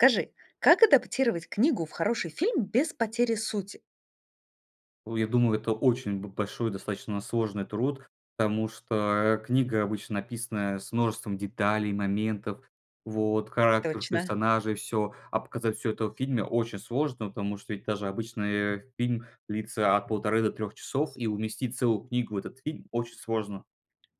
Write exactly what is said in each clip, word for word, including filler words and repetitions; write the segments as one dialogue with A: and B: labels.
A: Скажи, как адаптировать книгу в хороший фильм без потери сути?
B: Ой, я думаю, это очень б большой, достаточно сложный труд, потому что, э, книга обычно написана с множеством деталей, моментов, вот характер
A: Точно!
B: персонажей, всё, а показать всё это в фильме очень сложно, потому что ведь даже обычный фильм длится от полторы до трех часов, и уместить целую книгу в этот фильм очень сложно.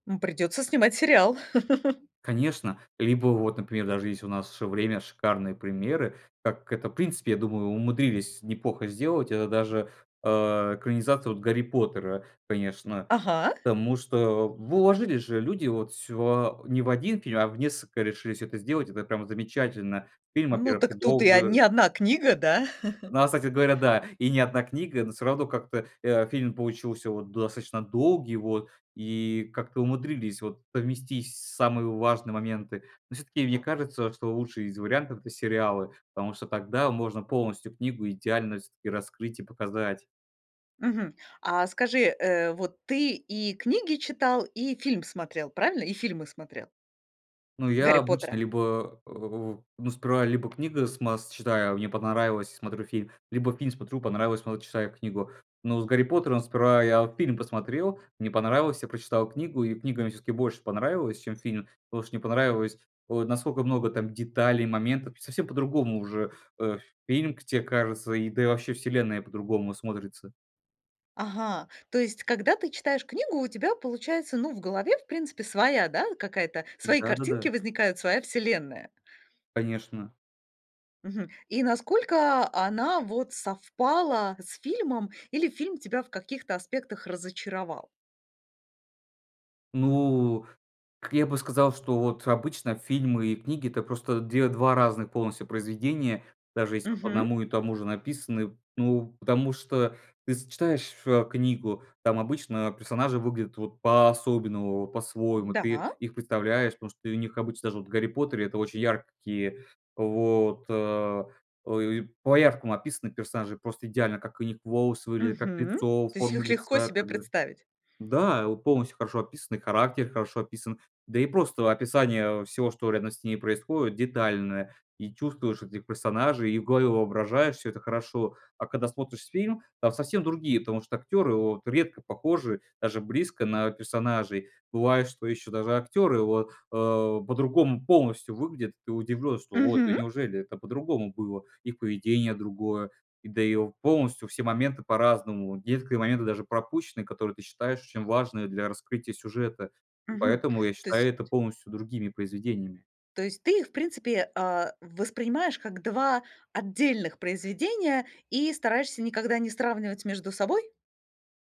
A: Ну, придётся снимать сериал!
B: Конечно, либо вот, например, даже есть у нас время, шикарные примеры, так как это, в принципе, я думаю, умудрились неплохо сделать. Это даже, э, экранизация вот "Гарри Поттера", конечно.
A: Ага.
B: Потому что в вложились же люди, вот, всё не в один фильм, а в несколько решили всё это сделать, это прямо замечательно. Фильм,
A: Ну,
B: во-первых, и
A: так тут и, а, ни
B: долго
A: одна книга, да?
B: Ну, а кстати говоря, да, и не одна книга, но всё равно как-то, э, фильм получился вот достаточно долгий вот, и как-то умудрились вот совместить самые важные моменты. Но всё-таки мне кажется, что лучший из вариантов- это сериалы, потому что тогда можно полностью книгу идеально всё-таки раскрыть и показать.
A: Мгм. А скажи, э, вот ты и книги читал, и фильм смотрел, правильно? И фильмы смотрел?
B: Ну, я
A: "Гарри
B: обычно
A: Поттера".
B: либо, а, в ну, сперва либо книга с масс читаю, не понравилось- смотрю фильм, либо фильм смотрю- понравилось, потом читаю книгу. Но с "Гарри Поттером" сперва я вот фильм посмотрел, мне понравилось- я прочитал книгу, и книга мне всё-таки больше понравилась, чем фильм, потому что мне понравилось вот насколько много там деталей, моментов. Совсем по-другому уже, э, фильм к тебе кажется, да и вообще вселенная по-другому смотрится.
A: Ага! То есть, когда ты читаешь книгу, у тебя получается, ну, в голове, в принципе, своя, да, какая-то, свои картинки
B: Да-да-да.
A: возникают, своя вселенная?
B: Конечно.
A: Мгм. И насколько, а, она вот совпала с фильмом? Или фильм тебя в каких-то аспектах разочаровал?
B: Ну, как я бы сказал, что вот обычно фильмы и книги- это просто две два разных полностью произведения, даже если вот по
A: Мгм.
B: одному и тому же написаны. Ну потому что ты с читаешь, а, книгу, там обычно, а, персонажи выглядят вот по-особенному, вот по-своему, ты
A: Да.
B: их представляешь. Потому что и у них обычно даже в "Гарри Поттере" это очень яркие вот, а. А, и по-яркому описаны персонажи просто идеально: как у них волосы выглядят, как
A: Мгм.
B: лицо,
A: То есть
B: форма
A: их легко
B: лица и
A: себе
B: так далее.
A: представить?
B: Да, вот полностью хорошо описаны, и характер хорошо описан. Да и просто описание, э, всего, что рядом с ними происходит, детальное, и чувствуешь этих персонажей, и в голове воображаешь, всё это хорошо. А когда смотришь фильм, там совсем другие, потому что актеры вот редко похожи даже близко на персонажей. Бывает, что еще даже актеры вот, а, по-другому полностью выглядят. И ты удивлен, что вот: "Да
A: Мгм.
B: неужели, это по-другому было!" Их поведение другое, да и в полностью все моменты по-разному, есть которые моменты даже пропущены, которые ты считаешь очень важные для раскрытия сюжета. И
A: Мгм.
B: поэтому я
A: То
B: считаю
A: есть
B: это полностью другими произведениями.
A: То есть ты их, в принципе, а, воспринимаешь как два отдельных произведения и стараешься никогда не сравнивать между собой?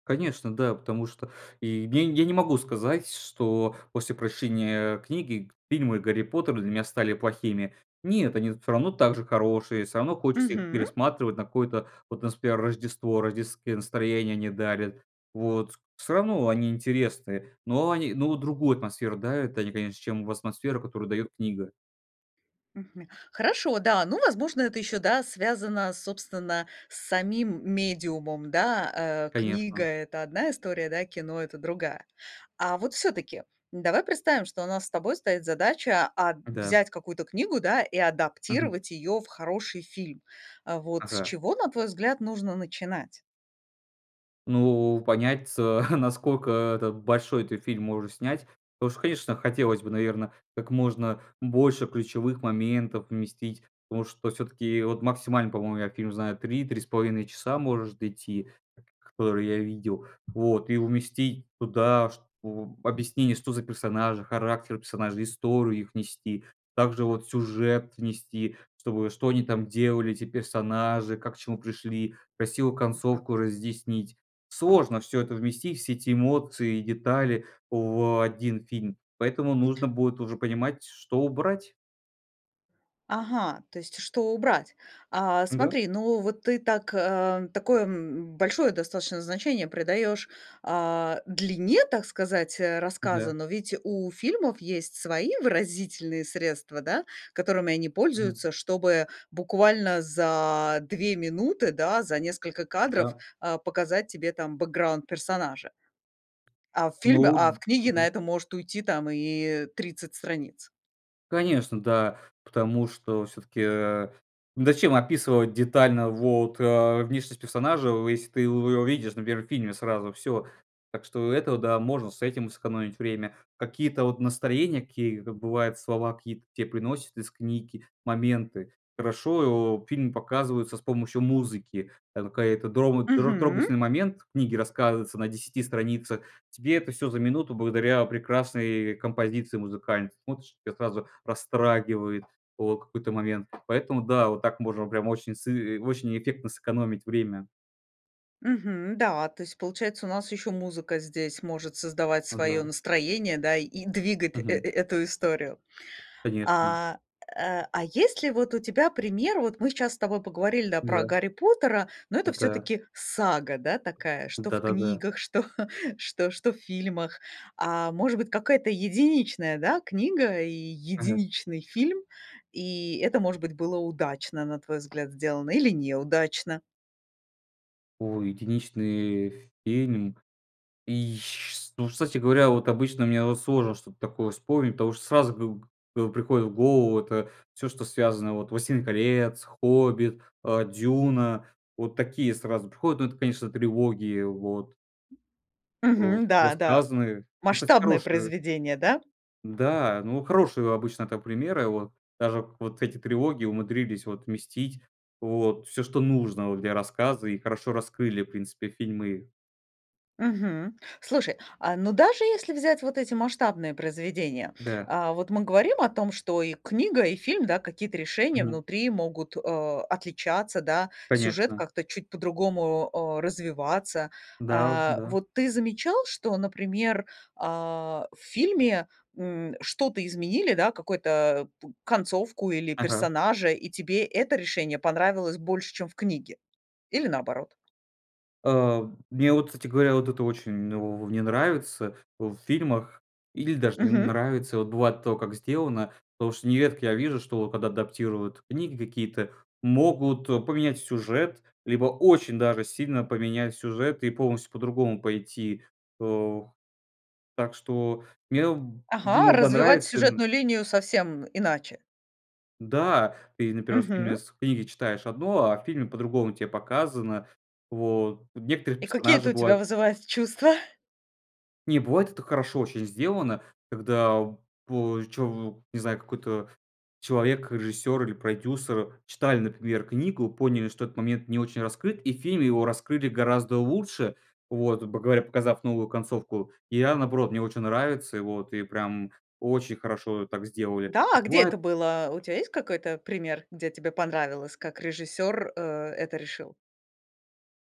B: Конечно, да. Потому что, и, я я не могу сказать, что после прочтения книги, фильмы "Гарри Поттер" для меня стали плохими. Нет, они всё равно так же хорошие, всё равно хочется их
A: Мгм.
B: пересматривать на какое-то, вот, у нас, пример, Рождество, рождественское настроение они дарят. Вот, с всё равно они интересные, но они, но другую атмосферу дарят они, конечно, чем в асмосферу, которую дает книга.
A: Мгм. Хорошо, да, ну, возможно, это ещё, да, связано, собственно, с самим медиумом, да. Э, книга-
B: Конечно.
A: это одна история, да, кино- это другая. А вот, всё-таки давай представим, что у нас с тобой стоит задача, а,
B: Да.
A: взять какую-то книгу, да, и
B: Мгм.
A: адаптировать её в хороший фильм. А вот с
B: Ага.
A: чего, на твой взгляд, нужно начинать?
B: Ну, понять ц наскока это большой ты фильм можешь снять. Потому что, конечно, хотелось бы, наверно, как можно больше ключевых моментов вместить, потому что все-таки, вот, максимально, по-моему, я фильм знаю три три с половиной часа может идти, которые я видел. Вот, и уместить туда что, объяснение, что за персонажи, характер персонажей, историю их внести, также, вот, сюжет внести, чтобы, что они там делали, эти персонажи, как к чему пришли, красивую
A: Мгм.
B: концовку разъяснить. Сложно всё это вместить, все эти эмоции и детали в один фильм, поэтому нужно будет уже понимать что убрать.
A: Ага, то есть что убрать? А,
B: Да.
A: смотри, ну вот ты так, а, такое, м, большое достаточно значение придаешь, а, длине, так сказать, э, рассказа.
B: Да.
A: Но ведь у фильмов есть свои выразительные средства, да, которыми они
B: Мгм.
A: пользуются, чтобы буквально за две минуты, да, за несколько кадров,
B: Да.
A: а, показать тебе там бэкграунд персонажа. А в
B: Ну
A: фильме а в книге на
B: мгм.
A: это может уйти там и тридцать страниц.
B: Конечно, да, потому что всё-таки, а, зачем описывать детально вот, а, внешность персонажа, если ты его увидишь на первом фильме сразу всё. Так что это, да, можно с этим сэкономить время. Какие-то вот настроения, какие-то, бывает, слова какие, такие произносят из книги, моменты. Хорошо, фильм показывается с помощью музыки. Это [unintelligible]
A: Мгм.
B: трогательный момент, в книге рассказывается на десяти страницах, тебе это всё за минуту благодаря прекрасной композиции музыкальной, смотришь, тебя сразу растрагивает о какой-то момент, поэтому, да, вот так можно прямо очень с и очень эффектно сэкономить время.
A: Мгм, да, то есть получается, у нас еще музыка здесь может создавать свое
B: Ага.
A: настроение, да и двигать, э, э,
B: Мгм.
A: и эту историю.
B: Конечно.
A: А, э, а есть ли вот у тебя пример? Вот мы сейчас с тобой поговорили, да, про
B: Да.
A: "Гарри Поттера", но это
B: Да.
A: всё-таки сага, да, такая, что в
B: Да-да-да.
A: книгах, что что что в фильмах. А, может быть, какая-то единичная, да, книга и
B: Ага.
A: единичный фильм, и это, может быть, было удачно, на твой взгляд, сделано или неудачно.
B: Ой, единичный фильм и ж ш ну, кстати говоря, вот обычно мне вот сложно что-то такое вспомнить, потому что сразу гыг э, приходит в голову это всё, что связано вот: "Властелин колец", "Хоббит", э, "Дюна"- вот такие сразу приходят. Ну, это, конечно, трилогии вот. А,
A: Мгм, да, да-
B: рассказаны. Ну, кстати,
A: масштабное
B: хорошие.
A: произведение, да?
B: Да, ну, хорошие обычно так примеры, вот. Даже вот эти трилогии умудрились вот вместить вот всё, что нужно вот для рассказа, и хорошо раскрыли, в принципе, фильмы.
A: Мгм. Слушай, а, ну, даже если взять вот эти масштабные произведения,
B: Да.
A: а вот мы говорим о том, что и книга, и фильм, да, какие-то решения
B: Мгм.
A: внутри могут, а, отличаться, да, сюжет
B: Конечно.
A: как-то чуть по-другому, а, развиваться.
B: Да, вот,
A: А,
B: да.
A: вот ты замечал, что, например, а в фильме, м, что-то изменили, да, какой-то, п концовку или
B: Ага.
A: персонажа, и тебе это решение понравилось больше, чем в книге? Или наоборот?
B: А мне вот кстати говоря, вот это очень в не нравится в фильмах или даже не
A: Мгм.
B: нравится Вот бывает то как сделано. Потому что нередко я вижу, что когда адаптируют книги какие-то, могут поменять сюжет, либо очень даже сильно поменять сюжет и полностью по-другому пойти, о Так что мне б
A: Ага,
B: иногда
A: развивать
B: нравится ин
A: сюжетную линию совсем иначе?
B: Да! Ты именно первый раз
A: Мгм.
B: именно с книге читаешь одно, а в фильме по-другому те показано. Вот. Некоторые
A: И какие
B: персонажи
A: это у тебя
B: бывают.
A: вызывают чувства?
B: Не, бывает, это хорошо очень сделано, когда по чову не знаю, какой-то человек, режиссер или продюсер читали, например, книгу, поняли, что этот момент не очень раскрыт, и в фильме его раскрыли гораздо лучше, вот, грубо говоря, показав новую концовку. И я наоборот, мне очень нравится, и вот, и прям очень хорошо так сделали,
A: Да, а где
B: бывает
A: это было? У тебя есть какой-то пример, где тебе понравилось, как режиссёр, э, это решил?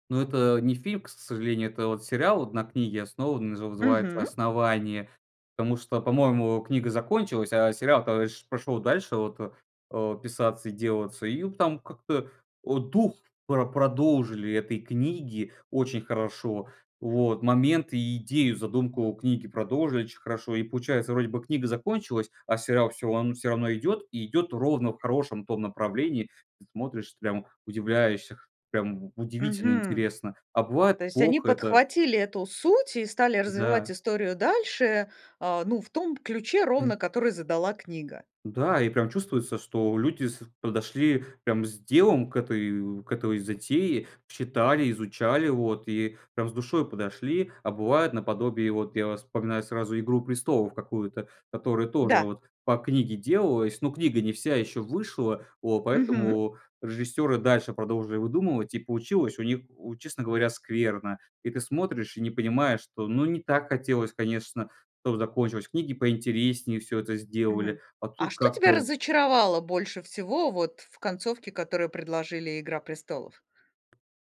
B: Ну это не фильм, к с сожалению. Это вот сериал на книге основан, назы называется
A: Мгм.
B: "Основание", потому что, по-моему, книга закончилась, а сериал-то пш пошел дальше, вот, э, э, писаться и делаться, и там как-то, о, дух про продолжили этой книги очень хорошо. Вот. Моменты и идею, задумку книги продолжили очень хорошо. И получается, вроде бы книга закончилась, а сериал всё ан всё равно идет и идет ровно в хорошем том направлении. Смотришь, прям удивляешься, прям удивительно
A: Мгм.
B: интересно, а бывает
A: То есть они
B: плохо это
A: подхватили эту суть и стали развивать
B: Да.
A: историю дальше, а, ну, в том ключе,
B: Мгм.
A: ровно который задала книга?
B: Да, и прям чувствуется, что люди с подошли прям с делом к этой, к этой затее, читали, изучали, вот и прям с душой подошли. А бывает наподобие, вот я вспоминаю сразу "Игру престолов" какую-то, которая тоже
A: Да.
B: вот по книге делалась, но книга не вся еще вышла, вот
A: Мгм.
B: поэтому режиссеры дальше продолжили выдумывать, и получилось у них, у честно говоря, скверно, и ты смотришь и не понимаешь, что, ну, не так хотелось, конечно, чтобы закончилось, книги поинтереснее всё это сделали.
A: Мгм.
B: А
A: А
B: тут
A: что тебя
B: как-то
A: разочаровало больше всего вот в концовке, которую предложили "Игра престолов"?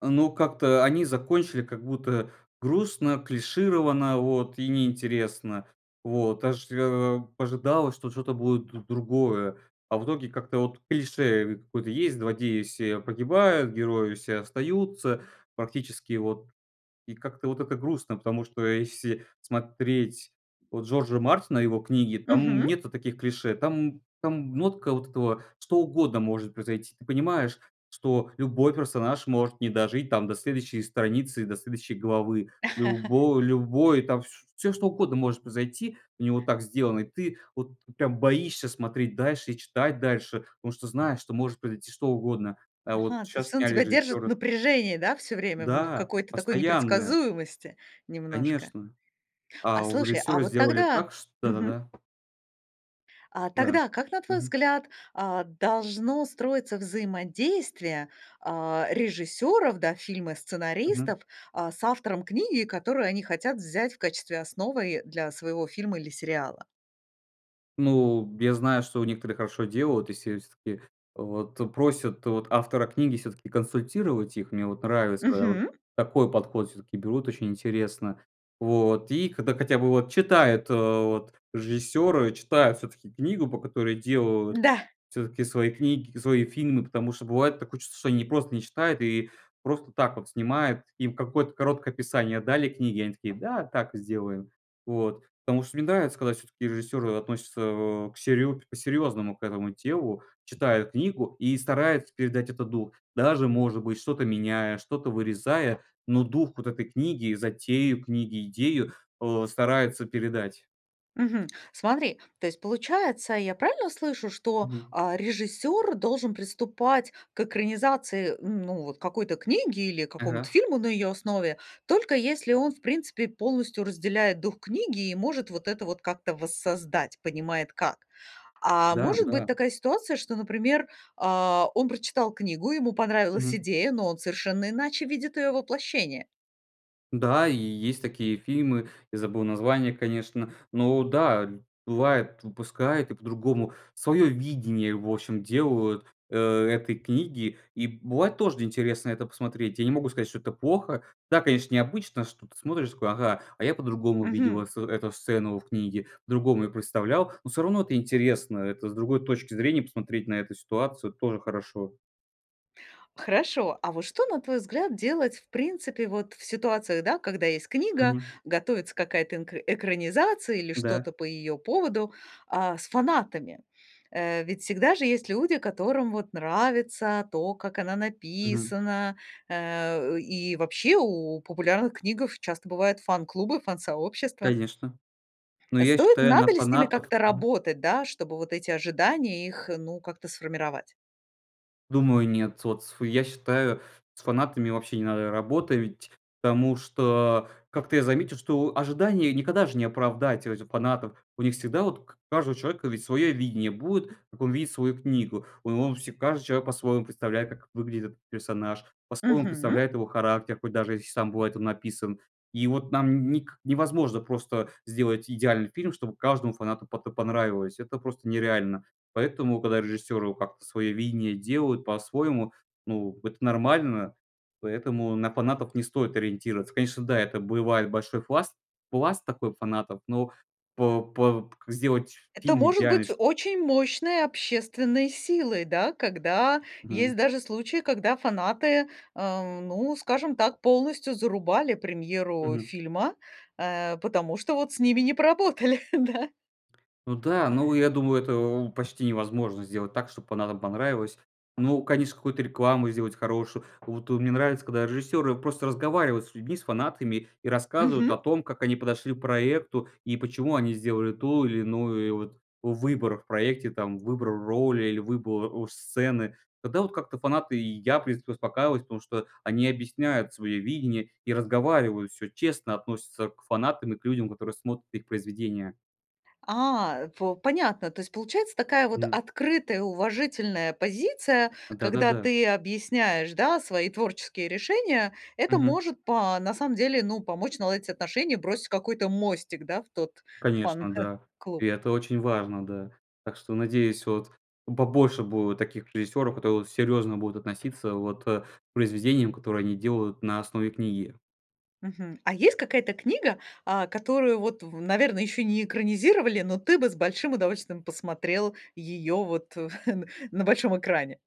B: Ну, как-то они закончили как будто грустно, клишированно, вот и неинтересно. Вот. Ожрё а, ожидалось, что что-то будет д другое. А в итоге как-то вот клише какое-то есть: злодеи все погибают, герои все остаются практически, вот. И как-то вот это грустно, потому что если смотреть вот Джорджа Мартина и его книги, там
A: Мгм.
B: нет таких клише, там там нотка вот этого: что угодно может произойти. Ты понимаешь, что любой персонаж может не дожить, там, до следующей страницы, до следующей главы. Любо любой там, вс всё что угодно может произойти, у него так сделано, и ты вот прям боишься смотреть дальше и читать дальше, потому что знаешь, что может произойти что угодно. А
A: Ага.
B: вот
A: То есть
B: щас
A: он
B: сняли
A: тебя держит в
B: режиссера.
A: напряжении, да? Всё время в в
B: Да,
A: какой-то такой
B: постоянно.
A: непредсказуемости немножко.
B: Конечно.
A: А
B: А у
A: слушай, а
B: режиссера
A: вот
B: сделали
A: тогда
B: так, ш да, да,
A: мгм.
B: да.
A: А
B: Да,
A: тогда как, на твой
B: мгм.
A: взгляд, а, должно строиться взаимодействие, а, режиссёров, да, фильмы
B: Мгм.
A: сценаристов, а, с автором книги, которую они хотят взять в качестве основы для своего фильма или сериала?
B: Ну, я знаю, что у некоторых хорошо делают, если с к и, вот, то просят, вот, автора книги всё-таки консультировать их. Мне вот нравится, вот,
A: Мгм.
B: такой подход. Всё-таки берут очень интересно, вот. И когда хотя бы вот читают, э, вот, режиссёры читают всё-таки книгу, по которой делают.
A: Да.
B: Всё-таки свои книг свои фильмы, потому что бывает такое чувство, что они ни просто не читают и просто так вот снимают. Им какое-то короткое описание дали книги, и они такие: "Да, так и сделаем". Вот. Потому что мне нравится, когда всё-таки режиссеры относятся, а, к серьё по-серьёзному к этому делу, читают книгу и стараются передать этот дух, даже, может быть, что-то меняя, что-то вырезая, но дух вот этой книги, затею книги, идею, э, стараются передать.
A: Мгм, смотри, то есть, получается, я правильно слышу, что,
B: Мгм.
A: а, режиссёр должен приступать к экранизации, ну, вот какой-то книги или к какому-то
B: Ага.
A: фильму на её основе, только если он, в принципе, полностью разделяет дух книги и может вот это вот как-то воссоздать, понимает как. А
B: Да,
A: может быть
B: да.
A: такая ситуация, что, например, а, он прочитал книгу, ему понравилась
B: Мгм.
A: идея, но он совершенно иначе видит её воплощение?
B: Да, и есть такие фильмы. Я забыл название, конечно, но, да, бывает, выпускают и по-другому. Свое видение, в общем, делают, э, этой книги, и бывает тоже интересно это посмотреть. Я не могу сказать, что это плохо. Да, конечно, необычно, что ты смотришь и такой: "Ага, а я по-другому видел, а,
A: Мгм.
B: с эту сцену в книге, по-другому её представлял". Но всё равно это интересно, это с другой точки зрения посмотреть на эту ситуацию тоже хорошо.
A: Хорошо, а вот что, на твой взгляд, делать в принципе вот в ситуации, да, когда есть книга,
B: Мгм.
A: готовится какая-то энк экранизация или
B: Да.
A: что-то по ее поводу, а, с фанатами? Э, ведь всегда же есть люди, которым вот нравится то, как она
B: Мгм.
A: написана. Э, и вообще у популярных книгах часто бывают фан-клубы, фан-сообщества.
B: Конечно! Ну, я
A: Стоит?
B: считаю, на
A: Надо ли с ними
B: фанатов
A: как-то работать, да, чтобы вот эти ожидания их, ну, как-то сформировать?
B: Думаю, нет. Вот с я считаю, с фанатами вообще не надо работать, потому что как-то я заметил, что ожидания никогда же не оправдать у этих фанатов. У них всегда вот у к каждого человека ведь свое видение будет, как он видит свою книгу. Ой, он все каждый человек по-своему представляет, как выглядит этот персонаж, по-своему
A: Мгм.
B: представляет его характер, хоть даже если сам бывает он написан. И вот нам ник невозможно просто сделать идеальный фильм, чтобы каждому фанату потэ понравилось. Это просто нереально, поэтому когда режиссеры как-то свое видение делают по-своему, ну, вот это нормально. Поэтому на фанатов не стоит ориентироваться. Конечно, да, это бывает большой пласт, пласт такой фанатов, но по по п к сделать
A: Это
B: фильм
A: может
B: идеальный
A: быть
B: ш
A: очень мощной общественной силой, да, когда
B: Мгм.
A: есть даже случаи, когда фанаты, эм, ну, скажем так, полностью зарубали премьеру
B: Мгм.
A: фильма, э потому что вот с ними не поработали, да.
B: Ну да, ну, я думаю, это, о, почти невозможно сделать так, чтобы фанатам понравилось. Ну, конечно, какую-то рекламу сделать хорошую. Вот, о, мне нравится, когда режиссеры просто разговаривают с людьми, с фанатами и рассказывают о
A: Мгм.
B: том, как они подошли к проекту и почему они сделали ту или иную, э, вот выбор в проекте там, выбор роли или выбор, ож сцены. Тогда вот как-то фанаты и я, в принципе, успокаиваюсь, потому что они объясняют свое видение и разговаривают, всё честно относятся к фанатам и к людям, которые смотрят их произведения.
A: А, по понятно, то есть получается такая вот
B: Мгм.
A: открытая, уважительная позиция,
B: Да, да,
A: когда
B: да.
A: ты объясняешь, да, свои творческие решения, это
B: Мгм.
A: может, по на самом деле, ну, помочь наладить отношения, бросить какой-то мостик, да, в тот
B: Конечно, да. И
A: фан-клуб.
B: это очень важно, да. Так что надеюсь, вот, побольше будет таких режиссёров, которые серьёзно будут относиться, вот, э, к произведениям, которые они делают на основе книги.
A: Мгм, а есть какая-то книга, а, которую, вот, в наверно, ещё не экранизировали, но ты бы с большим удовольствием посмотрел её, вот, н на большом экране?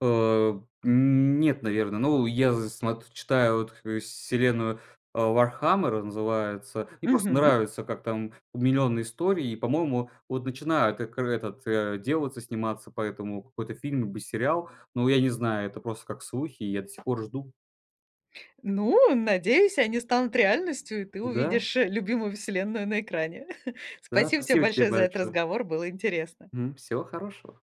B: А, нет, наверное. Ну, я зн смот читаю, вот, вселенную, а, "Вархаммер" называется. Мне просто
A: Мгм.
B: нравится, как там, у, миллионные истории, и, по-моему, вот начинают экр этот, а, делаться, сниматься по этому какой-то фильм либо сериал. Но я не знаю, это просто как слухи, и я до сих пор жду.
A: Ну, надеюсь, они станут реальностью, и ты
B: Да.
A: увидишь, э, любимую вселенную на экране.
B: Да,
A: Спасибо тебе
B: спасибо тебе
A: большое за этот
B: большое.
A: разговор, было интересно.
B: Мгм, всего хорошего.